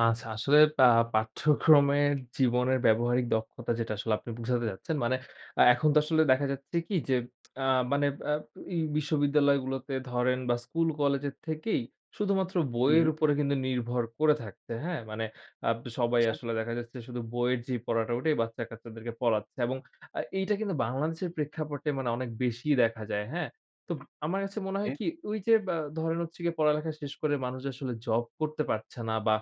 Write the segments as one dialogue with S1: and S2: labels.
S1: আচ্ছা, আসলে বা পাঠ্যক্রমের জীবনের ব্যবহারিক দক্ষতা যেটা আসলে আপনি বুঝাতে যাচ্ছেন। মানে আ এখন তো আসলে দেখা যাচ্ছে কি যে আ মানে আব এই বিশ্ববিদ্যালয় গুলোতে ধরেন বা স্কুল কলেজের থেকেই শুধুমাত্র বইয়ের
S2: হুম।
S1: উপরে কিন্তু নির্ভর করে থাকছে। হ্যাঁ? মানে আব সবাই
S2: আচ্ছা।
S1: আসলে দেখা যাচ্ছে শুধু বইয়ের যেই পড়াটা, ওটাই বাচ্চা-কাচ্চাদেরকে পড়াচ্ছে। এবং আ এইটা কিন্তু বাংলাদেশের প্রেক্ষাপটে মানে অনেক বেশিই দেখা যায়। হ্যাঁ? তো আমার কাছে মনে
S2: ওকে।
S1: হয় কি ওই যে বা ধরেন হচ্ছে গিয়ে, পড়ালেখা শেষ করে মানুষ আসলে জব করতে পারছে না বা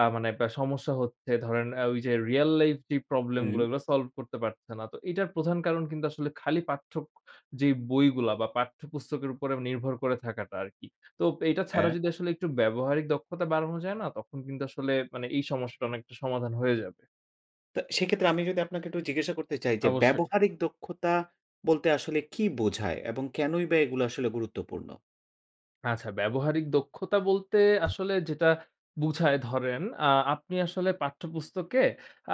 S1: আ মানে বা সমস্যা হচ্ছে ধরেন আ ওই যে রিয়াল লাইফ যেই প্রবলেম
S2: হুম।
S1: গুলা ওইগুলা সলভ করতে পারতেছে না। তো এটার প্রধান কারণ কিন্তু আসলে খালি পাঠ্যক যে বইগুলা বা পাঠ্যপুস্তকের উপর নির্ভর করে থাকাটা আরকি। তো এটা ছাড়া
S2: হ্যাঁ।
S1: যদি আসলে একটু ব্যবহারিক দক্ষতা বাড়ানো যায় না, তখন কিন্তু আসলে মানে এই সমস্যাটা অনেকটা সমাধান হয়ে যাবে।
S2: তা সেক্ষেত্রে আমি যদি আপনাকে একটু জিজ্ঞাসা করতে চাই যে,
S1: অবশ্যই।
S2: ব্যবহারিক দক্ষতা বলতে আসলে কী বোঝায় এবং কেনই বা এগুলা আসলে গুরুত্বপূর্ণ?
S1: আচ্ছা। ব্যবহারিক দক্ষতা বলতে আসলে যেটা বুঝায় ধরেন আ আপনি আসলে পাঠ্যপুস্তকে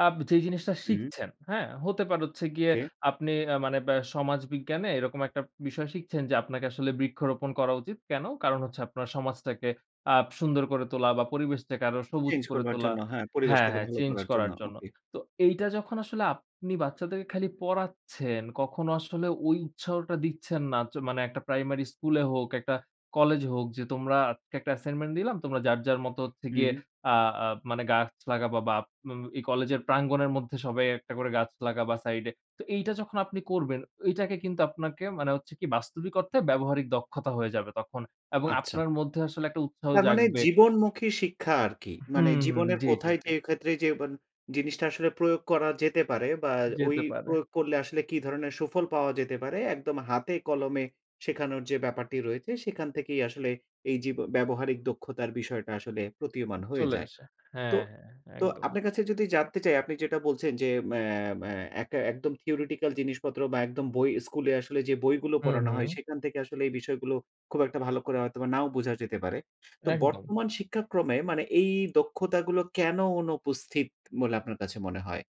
S1: আব যেই জিনিসটা
S2: হুম।
S1: শিখছেন, হ্যাঁ? হতে পারে হচ্ছে গিয়ে
S2: ওকে।
S1: আপনি আ মানে ব্যা সমাজবিজ্ঞানে এরকম একটা বিষয় শিখছেন, যে আপনাকে আসলে বৃক্ষরোপণ করা উচিত। কেন? কারণ হচ্ছে আপনার সমাজটাকে আপ সুন্দর করে তোলা বা পরিবেশটাকে আরো সবুজ
S2: চেঞ্জ
S1: করে
S2: করবার
S1: তোলা
S2: জন্য, হ্যাঁ,
S1: হ্যাঁ,
S2: পরিবেশটাকে
S1: হ্যাঁ
S2: ভালো
S1: চেঞ্জ
S2: করার জন্য।
S1: করার জন্য।
S2: ওকে।
S1: তো এইটা যখন আসলে আপনি বাচ্চাদের খালি পড়াচ্ছেন, কখনো আসলে ওই উৎসাহটা দিচ্ছেন না। চ মানে একটা প্রাইমারি স্কুল এ হোক, একটা কলেজ হোক যে তোমরা আজকে একটা অ্যাসাইনমেন্ট দিলাম। তোমরা যার, যার মতো হচ্ছে গিয়ে
S2: হুম।
S1: আ আ মানে গাছ লাগাবা, বা ম এই কলেজের প্রাঙ্গণের মধ্যে সবাই একটা করে গাছ লাগাবা সাইড এ। তো এইটা যখন আপনি করবেন এটাকে কিন্তু আপনাকে মানে হচ্ছে কি বাস্তবিক অর্থে ব্যবহারিক দক্ষতা হয়ে যাবে তখন। এবং
S2: আচ্ছা।
S1: আপনার মধ্যে আসলে একটা উৎসাহ
S2: তার মানে
S1: জাগবে
S2: জীবনমুখী শিক্ষা আরকি।
S1: হুম,
S2: মানে
S1: হুম,
S2: জীবনের
S1: জ্বী, জ্বী,
S2: কোথায়
S1: জ্বী।
S2: যে ক্ষেত্রে যে মান জিনিসটা আসলে প্রয়োগ করা যেতে পারে বা ওই
S1: যেতে পারে।
S2: প্রয়োগ করলে আসলে কি ধরনের সুফল পাওয়া যেতে পারে, একদম হাতে কলমে শেখানোর যে ব্যাপারটি রয়েছে সেখান থেকেই আসলে এই যে ব ব্যবহারিক দক্ষতার বিষয়টা আসলে প্রতীয়মান হয়ে
S1: চলে
S2: যায়।
S1: আসে।
S2: তো
S1: হ্যাঁ, হ্যাঁ,
S2: তো
S1: একদম।
S2: আপনার কাছে যদি জানতে চাই, আপনি যেটা বলছেন, যে ম্যা ম্যা একটা একদম theoretical জিনিসপত্র বা একদম বই স্কুলে আসলে যে বইগুলো
S1: হুম,
S2: পড়ানো হয়
S1: হুম।
S2: সেখান থেকে আসলে এই বিষয়গুলো খুব একটা ভালো করে হয়তোবা নাও বোঝা যেতে পারে। তো
S1: একদম।
S2: বর্তমান শিক্ষাক্রমে মানে এই দক্ষতাগুলো কেন অনুপস্থিত বলে আপনার কাছে মনে হয়?